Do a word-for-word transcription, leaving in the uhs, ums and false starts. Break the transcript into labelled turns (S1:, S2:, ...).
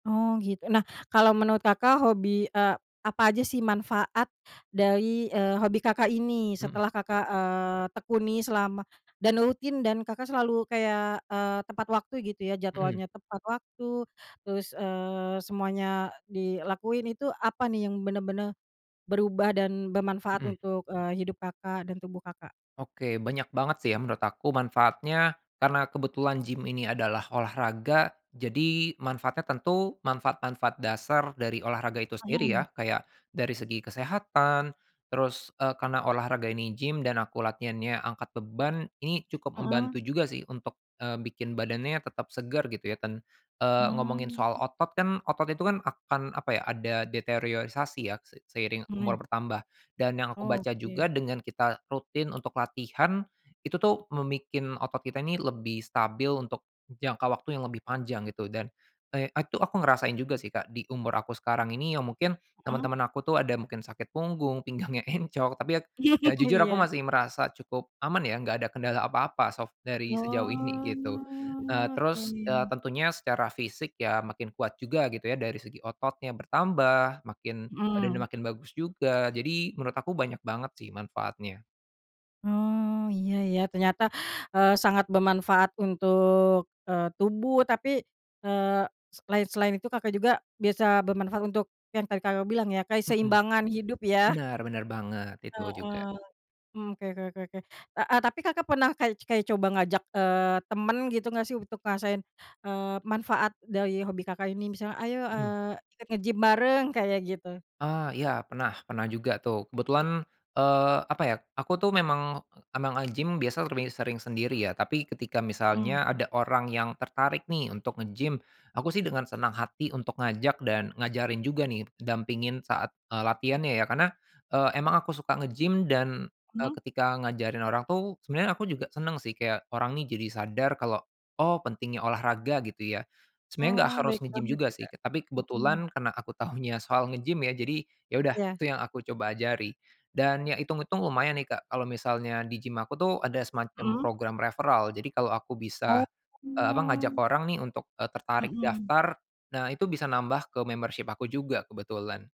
S1: Oh gitu. Nah, kalau menurut Kakak hobi, eee, apa aja sih manfaat dari, eee, hobi Kakak ini
S2: Mhm.
S1: setelah Kakak, eee, tekuni selama dan rutin dan Kakak selalu kayak, eee, tepat waktu gitu ya.
S2: Mhm.
S1: Jadwalnya tepat waktu terus, eee, semuanya dilakuin itu, apa nih yang bener-bener berubah dan bermanfaat
S2: Mhm.
S1: untuk, eee, hidup Kakak dan tubuh, Kakak?
S2: Oke, banyak banget sih ya menurut aku manfaatnya, karena kebetulan gim ini adalah olahraga, jadi manfaatnya tentu manfaat-manfaat dasar dari olahraga itu sendiri ya.
S1: Mhm.
S2: Kayak dari segi kesehatan terus, eee, karena olahraga ini gym dan aku latihannya angkat beban, ini cukup
S1: Mhm.
S2: membantu juga sih untuk, eee, bikin badannya tetap segar gitu ya ten eee, ngomongin
S1: Hmm.
S2: soal otot kan, otot itu kan akan, apa ya, ada deteriosasi ya se seiring
S1: Mhm.
S2: umur bertambah dan yang aku baca
S1: Oke.
S2: juga dengan kita rutin untuk latihan, itu tuh membikin otot kita ini lebih stabil untuk jangka waktu yang lebih panjang gitu, dan, eee, t itu aku ngerasain juga sih Kak di umur aku sekarang ini ya mungkin,
S1: Mhm.
S2: teman-teman aku tuh ada mungkin sakit punggung, pinggangnya encok. Tapi ya, ya jujur aku
S1: Iya.
S2: masih merasa cukup aman ya enggak ada kendala apa-apa sok dari sejauh ini gitu, eee,
S1: Oh, oke.
S2: terus, eee, tentunya secara fisik ya makin kuat juga gitu ya, dari segi ototnya bertambah makin badannya
S1: Mhm.
S2: makin bagus juga, jadi menurut aku banyak banget sih manfaatnya.
S1: Oh iya ya, ternyata, eee, sangat bermanfaat untuk, eee, tubuh tapi, eee, s selain selain itu Kakak juga biasa bermanfaat untuk yang tadi Kakak bilang ya,
S2: Mhm.
S1: keseimbangan hidup ya.
S2: Benar benar banget, itu juga.
S1: Heeh. Mmm, oke oke oke oke. Heeh, tapi Kakak pernah ka kayak coba ngajak, eee, temen gitu nggak sih untuk ngerasain, eee, manfaat dari hobi Kakak ini, misalnya, "Ayo,
S2: Mhm.
S1: eee, ikut nge-gym bareng," kayak gitu?
S2: Eee, iya pernah pernah juga tuh. Kebetulan, eee, apa ya, aku tuh memang, emang nge-gym biasa lebih sering sendiri ya, tapi ketika
S1: Mhm.
S2: misalnya ada orang yang tertarik nih untuk nge-gym, aku sih dengan senang hati untuk ngajak dan ngajarin juga nih dampingin saat, eee, latihannya ya. Karena, eee, emang aku suka nge-gym dan, eee,
S1: Mhm.
S2: ketika ngajarin orang tuh sebenarnya aku juga seneng sih kayak orang ini jadi sadar kalau, oh pentingnya olahraga gitu ya. Sebenarnya
S1: Oh,
S2: nggak
S1: baik
S2: harus nge-gym
S1: banget
S2: juga
S1: ya
S2: sih,
S1: Kak.
S2: tapi
S1: Mhm.
S2: kebetulan karena aku tahunya soal ngegim ya jadi, ya udah
S1: Iya.
S2: itu yang aku coba ajari, dan ya itung-itung lumayan nih Kak, kalau misalnya di gym aku tuh ada semacam
S1: Mhm.
S2: program referral. Jadi kalau aku
S1: Oh.
S2: bisa, eee, apa, ngajak orang nih untuk, eee, tertarik
S1: Mhm.
S2: daftar, nah itu bisa nambah ke membership aku juga kebetulan.